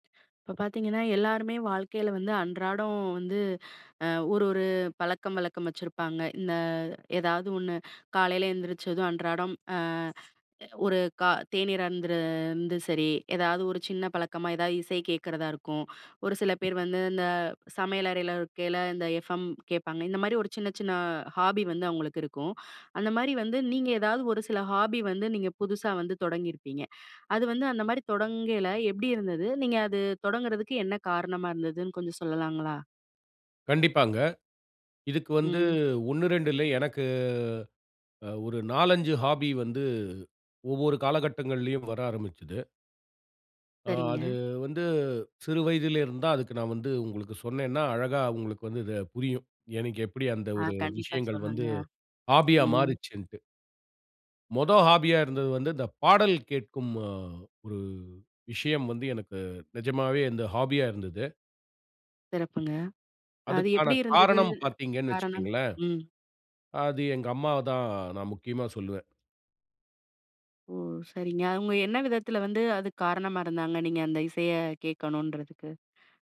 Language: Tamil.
இப்ப பார்த்தீங்கன்னா, எல்லாருமே வாழ்க்கைல வந்து அன்றாடம் வந்து, அ, ஒரு ஒரு பழக்கம் வழக்கம் வச்சிருப்பாங்க. இந்த ஏதாவது ஒண்ணு காலைல எழுந்திரிச்சதும் அன்றாடம், அ, ஒரு, க தேனீர் அருந்து இருந்து சரி, ஏதாவது ஒரு சின்ன பழக்கமா ஏதாவது இசை கேக்கிறதா இருக்கும். ஒரு சில பேரு வந்து இந்த சமையல் அறைல இருக்கைல இந்த FM கேட்பாங்க. இந்த மாரி ஒரு சின்ன சின்ன ஹாபி வந்து அவுங்களுக்கு இருக்கும். அந்த மாரி வந்து நீங்க ஏதாவது ஒரு சில ஹாபி வந்து நீங்க புதுசா வந்து தொடங்கியிருப்பீங்க. அது வந்து அந்த மாரி தொடங்கைல எப்படி இருந்தது? நீங்க அது தொடங்குறதுக்கு என்ன காரணமா இருந்ததுன்னு கொஞ்சம் சொல்லலாங்களா? கண்டிப்பாங்க. இதுக்கு வந்து ம். 1, 2 இல்ல. எனக்கு ஒரு 4, 5 ஹாபி வந்து ஒவ்வொரு காலகட்டங்களிலும் வர ஆரம்பிச்சது. ஆ. சரிங்க. அது வந்து சிறு வயதில் இருந்து தான் அதுக்கு நான் வந்து, உங்களுக்கு சொன்னேன்னா அழகா உங்களுக்கு வந்து இத புரியும். எனக்கு எப்டி அந்த ஆ. ஒரு கண்டிப்பா. விஷயங்கள் சொல்லுங்க. வந்து ஹாபியா ம். மாறுச்சின்ட்டு. மொத ஹாபியா இருந்தது வந்து இந்த பாடல் கேக்கும், அ, ஒரு விஷயம் வந்து எனக்கு நிஜமாவே இந்த ஹாபியா இருந்தது. சிறப்புங்க. அது அதுக்கான எப்படி இருந்தது? காரணம் பார்த்தீங்கன்னு காரணம். வச்சிக்கங்களேன், ம். அது எங்க அம்மாதான் நான் முக்கியமா சொல்லுவேன். ஓ! சரிங்க. அவுங்க என்ன விதத்தில வந்து அதுக்கு காரணமா இருந்தாங்க, நீங்க அந்த இசைய கேக்கணும்னுறதுக்கு.